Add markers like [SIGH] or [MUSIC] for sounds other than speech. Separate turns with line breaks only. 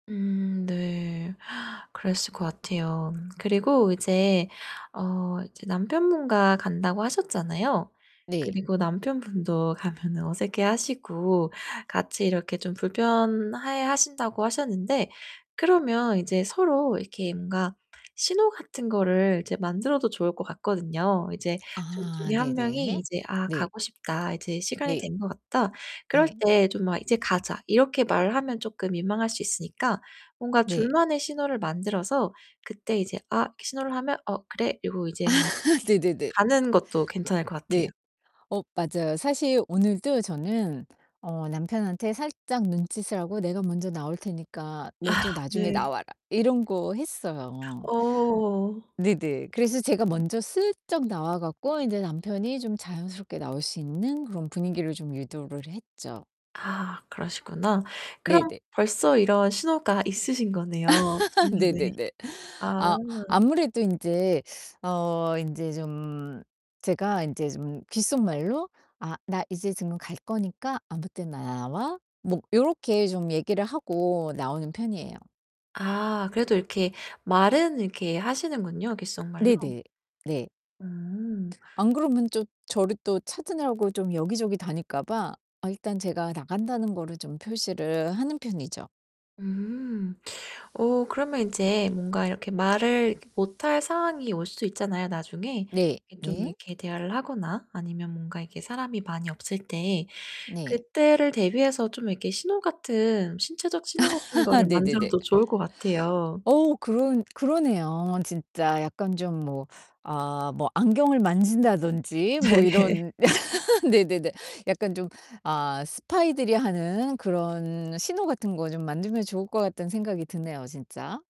음. 네. [GASPS] 그랬을 것 같아요. 그리고 이제 어 이제 남편분과 간다고 하셨잖아요.
네.
그리고 남편분도 가면은 어색해하시고 같이 이렇게 좀 불편해하신다고 하셨는데 그러면 인제 서로 이렇게 뭔가 신호 같은 거를 이제 만들어도 좋을 것 같거든요. 이제 2
아.
중에 1 명이
네네.
이제 '아
네.
가고 싶다. 이제 시간이
네.
된 것 같다.' 그럴
네.
때 좀 막 "이제 가자." 이렇게 말하면 쪼끔 민망할 수 있으니까 뭔가
네.
둘만의 신호를 만들어서 그때 이제 '아.' 이렇게 신호를 하면 '어, 그래.' 그리고 이제 뭐
[LAUGHS] 네네네.
가는 것도 괜찮을 것 같아요.
네. 어 맞아요. 사실 오늘도 저는 어 남편한테 살짝 눈짓을 하고 '내가 먼저 나올 테니까 너도
아.
나중에
네.
나와라.' 이런 거 했어요.
어.
네네. 그래서 제가 먼저 슬쩍 나와 갖고 인제 남편이 좀 자연스럽게 나올 수 있는 그런 분위기를 좀 유도를 했죠.
아 그러시구나. 그럼
네네.
벌써 이런 신호가 있으신 거네요,
[LAUGHS]
둘만의.
네네네.
아.
아. 아무래도 인제 어 인제 좀 제가 인제 좀 귓속말로 "아 나 이제 지금 갈 거니까 아무 때나 나와." 뭐 요렇게 좀 얘기를 하고 나오는 편이에요.
아. 그래도 이렇게 말은 이렇게 하시는군요, 귓속말로.
네네. 네.
음.
안 그러면 좀 저를 또 찾느라고 좀 여기저기 다닐까 봐 아 일단 제가 나간다는 거를 좀 표시를 하는 편이죠.
음. 어 그러면 인제 뭔가 이렇게 말을 이렇게 못할 상황이 올 수도 있잖아요, 나중에.
네.
이 좀
네.
이렇게 대화를 하거나 아니면 뭔가 이렇게 사람이 많이 없을 때
네.
그때를 대비해서 좀 이렇게 신호 같은 신체적 신호 같은 거를
[LAUGHS] 네네네.
만들어도 좋을 것 같아요.
오우 그런 그러네요. 진짜 약간 좀 뭐 아 뭐 안경을 만진다든지 뭐
네.
이런 [LAUGHS] 네네네. 약간 좀 아 스파이들이 하는 그런 신호 같은 거 좀 만들면 좋을 것 같다는 생각이 드네요, 진짜.